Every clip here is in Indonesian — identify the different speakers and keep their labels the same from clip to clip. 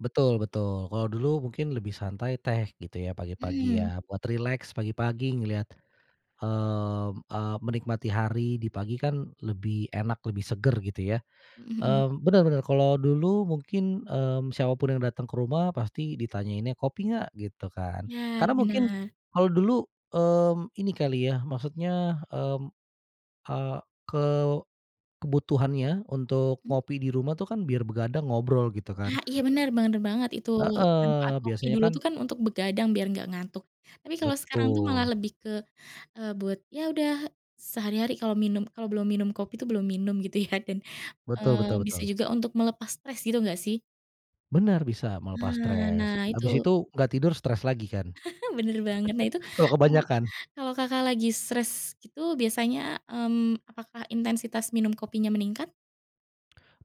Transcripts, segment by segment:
Speaker 1: Betul betul. Kalau dulu mungkin lebih santai teh gitu ya, pagi-pagi
Speaker 2: Mmm.
Speaker 1: ya, buat rileks pagi-pagi ngelihat, mmm, eee, menikmati hari di pagi, kan lebih, enak lebih segar gitu ya.
Speaker 2: Mhm.
Speaker 1: Mmm, benar benar, kalau dulu mungkin, mmm, siapapun yang datang ke rumah pasti ditanyainnya kopi nggak? gitu kan.
Speaker 2: Benar
Speaker 1: Karena mungkin,
Speaker 2: benar.
Speaker 1: kalau dulu, mmm, ini kali ya, maksudnya, mmm, eee, ke kebutuhannya untuk
Speaker 2: Mmm.
Speaker 1: ngopi di rumah tuh kan, biar begadang ngobrol gitu
Speaker 2: Nah
Speaker 1: kan.
Speaker 2: Iya benar, benar banget itu, manfaat
Speaker 1: Heeh.
Speaker 2: kopi
Speaker 1: Biasanya
Speaker 2: dulu
Speaker 1: kan
Speaker 2: tuh kan untuk begadang biar enggak ngantuk, tapi kalau sekarang tuh malah
Speaker 1: Betul.
Speaker 2: lebih ke, eee, buat ya udah sehari-hari kalau minum, kalau belum minum kopi tuh belum minum gitu ya, dan,
Speaker 1: Betul
Speaker 2: eee,
Speaker 1: betul
Speaker 2: bisa
Speaker 1: betul.
Speaker 2: juga untuk melepas stres gitu enggak sih?
Speaker 1: Benar, bisa melepas
Speaker 2: Nah
Speaker 1: stres,
Speaker 2: nah
Speaker 1: habis
Speaker 2: itu.
Speaker 1: itu nggak tidur stres lagi kan?
Speaker 2: benar banget. Nah itu,
Speaker 1: Kalau
Speaker 2: kalau
Speaker 1: kebanyakan.
Speaker 2: kalau Kakak lagi stres gitu biasanya, mmm, apakah intensitas minum kopinya meningkat?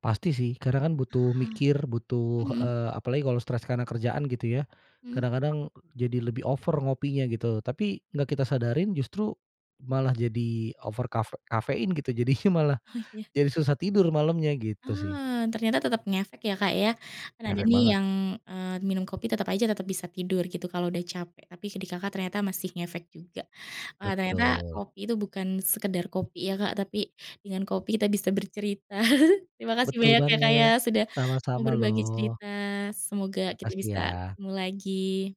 Speaker 1: Pasti sih, kadang kan butuh
Speaker 2: Hah.
Speaker 1: mikir, butuh,
Speaker 2: Mmm.
Speaker 1: eee, apalagi kalau stres karena kerjaan gitu ya,
Speaker 2: Mhm.
Speaker 1: kadang-kadang jadi lebih over ngopinya gitu, tapi nggak kita sadarin justru malah jadi over kaf kafein gitu jadinya malah,
Speaker 2: Oh iya.
Speaker 1: jadi susah tidur malamnya, gitu sih.
Speaker 2: Ah, ternyata tetap ngefek ya Kak ya, kan ada
Speaker 1: Ngefek
Speaker 2: nih,
Speaker 1: banget.
Speaker 2: yang, eee, minum kopi, tetap aja, tetap bisa tidur gitu, kalau udah capek. Tapi di Kakak ternyata masih ngefek juga. Wah ternyata
Speaker 1: Betul.
Speaker 2: kopi itu bukan sekedar kopi ya Kak, tapi, dengan kopi kita bisa bercerita. Terima kasih
Speaker 1: Betul
Speaker 2: banyak ya Kak ya,
Speaker 1: banget,
Speaker 2: sudah mau
Speaker 1: sama-sama
Speaker 2: berbagi
Speaker 1: loh.
Speaker 2: cerita, semoga kita
Speaker 1: Makasih
Speaker 2: bisa
Speaker 1: ya.
Speaker 2: ketemu lagi.